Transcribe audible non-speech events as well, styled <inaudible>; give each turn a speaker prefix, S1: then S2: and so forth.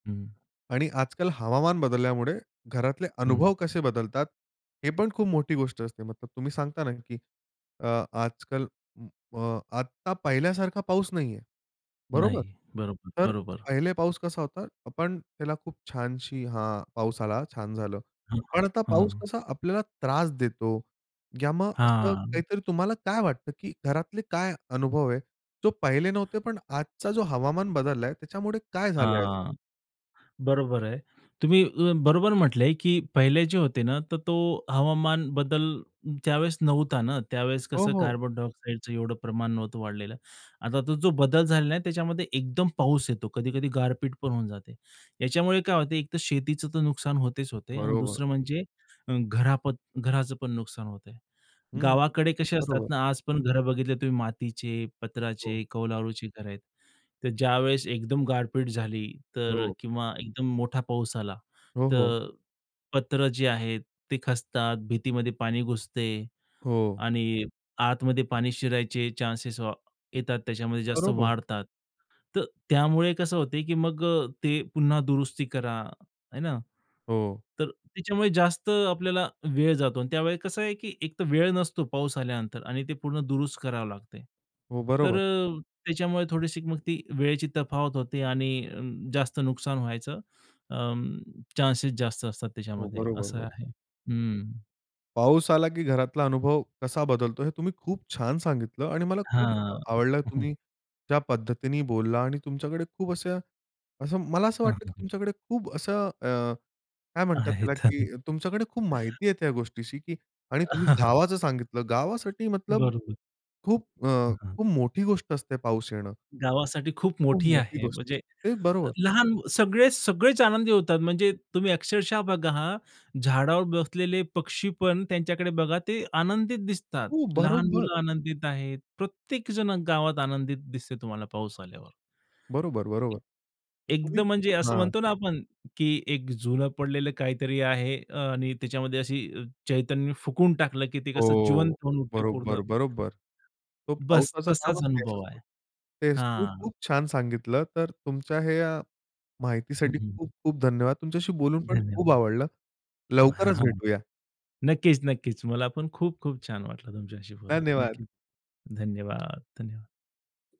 S1: हं.
S2: आणि आज-काल हवामान बदलल्यामुळे घरातले
S1: हं.
S2: अनुभव कसे बदलतात, हे पण खूप मोठी गोष्ट असते मग तुम्ही सांगता ना, की अ, आज-काल अ, आता पहिल्यासारखा पाऊस नाहीये. बरोबर?
S1: नाही. बरोबर,
S2: तर
S1: बरोबर.
S2: पहिले पाऊस कसा होता, आपण त्याला खूप छानशी हां. पाऊस आला छान झालं.
S1: हं, हं,
S2: पण आता पाऊस
S1: हं.
S2: कसा आपल्याला त्रास देतो, या मग असं
S1: हां.
S2: काहीतरी तुम्हाला काय वाटतं, की घरातले काय अनुभव आहे? तो पहिले नव्हते पण आजचा जो हवामान बदललाय त्याच्यामुळे काय झालंय असं?
S1: हां. बरोबर आहे. तुम्ही अ, बरोबर म्हटलंय, की पहिले जे होते ना, तर तो हवामान बदल त्यावेळेस नव्हता ना, त्यावेळेस
S2: हो,
S1: कसं
S2: हो.
S1: कार्बन डायऑक्साईडचं एवढं प्रमाण नव्हतं वाढलेलं. आता तो जो बदल झालेला आहे, त्याच्यामध्ये एकदम पाऊस येतो, कधी-कधी गारपीट पण होऊन जाते. याच्यामुळे काय होत, एक तर शेतीचं नुकसान होतेच होते आणि
S2: बरोबर.
S1: दुसरं म्हणजे अ, घरापत घराचं पण नुकसान होतंय.
S2: हं.
S1: गावाकडे कसे असतात
S2: बरोबर.
S1: ना, आज पण घर बघितली तुम्ही मातीचे,
S2: हो.
S1: पत्राचे, कौलारुची घरं आहेत. तर ज्यावेळेस एकदम गारपीट झाली तर
S2: हो.
S1: किंवा एकदम मोठा पाऊस आला,
S2: हो, हो.
S1: तर पत्र जे आहेत ते खचतात, भिंतीमध्ये पाणी घुसते
S2: हो.
S1: आणि आतमध्ये पाणी शिरायचे चान्सेस अ,
S2: हं.
S1: येतात, त्याच्यामध्ये जास्त
S2: बरोबर.
S1: वाढतात, तर त्यामुळे कसं होते, की मग अ, ते पुन्हा दुरुस्ती करा. है ना?
S2: हो.
S1: तर त्याच्यामुळे जास्त आपल्याला वेळ जातो आणि त्यावेळेला कसं आहे, की एकतर वेळ नसतो पाऊस आल्यानंतर आणि ते पूर्ण दुरुस्त करावे लागते.
S2: हो,
S1: तर
S2: बरोबर.
S1: अ, त्याच्यामुळे थोडीशी मग ती वेळेची तफावत होते आणि जास्त नुकसान व्हायचं, अं, चान्सेस जास्त असतात
S2: हो,
S1: त्याच्यामध्ये
S2: बरोबर,
S1: असं
S2: बरोबर.
S1: आहे. हं.
S2: पाऊस आला, की घरातला अनुभव कसा बदलतो हे तुम्ही खूप छान सांगितलं आणि मला खूप
S1: हां.
S2: आवडलं
S1: <chuckles>
S2: तुम्ही ज्या पद्धतीने बोलला आणि तुमच्याकडे खूप असे, असं, मला असं
S1: हं,
S2: वाटतं,
S1: हं,
S2: की
S1: हं.
S2: तुमच्याकडे खूप असं, अ, काय म्हणतात त्याला,
S1: आहेत.
S2: की तुमच्याकडे खूप माहिती आहे त्या गोष्टीची, की आणि तुम्ही
S1: <chuckles>
S2: गावाचं सांगितलं, गावासाठी मतलब
S1: बरोबर.
S2: खूप अ,
S1: हं, हां.
S2: खूप मोठी गोष्ट असते पाऊस येणं.
S1: गावासाठी खूप
S2: खूप
S1: मोठी
S2: मोठी
S1: आहे.
S2: गोष्ट
S1: म्हणजे
S2: असते. तेच बरोबर.
S1: लहान सगळे, सगळेच आनंदी होतात, म्हणजे तुम्ही अक्षरशः बघा हां, झाडावर बसलेले पक्षीपण त्यांच्याकडे बघा ते आनंदित दिसतात.
S2: हो,
S1: लहान
S2: बरोबर.
S1: मुलं आनंदित आहेत, प्रत्येक जण गावात आनंदित दिसते तुम्हाला पाऊस आल्यावर.
S2: बरोबर, बरोबर. तर तुम्ही
S1: एकदम म्हणजे असं
S2: हां.
S1: म्हणतो ना आपण, की एक जुन पडलेलं काहीतरी आहे, अ, आणि त्याच्यामध्ये अशी चैतन्य फुकून टाकलं, की ते कसं जिवंत
S2: हो,
S1: होऊन उठते पूर्ण.
S2: बरोबर, बरोबर. तो
S1: बस!
S2: पावसाचं
S1: तसाच
S2: कामच तेच
S1: अनुभव आहे.
S2: असतो. तेच तुम्ही
S1: हां.
S2: खूप छान सांगितलं, तर तुमच्या ह्या
S1: हं,
S2: माहितीसाठी
S1: हं, हं.
S2: खूप-खूप धन्यवाद. तुमच्याशी बोलून पण खूप
S1: धन्यवाद.
S2: आवडलं.
S1: ब हां,
S2: लवकरच
S1: हां.
S2: भेटूया.
S1: नक्कीच, नक्कीच. मला पण खूप-खूप छान वाटलं तुमच्याशी बोलुन.
S2: धन्यवाद.
S1: नक्कीच. धन्यवाद, धन्यवा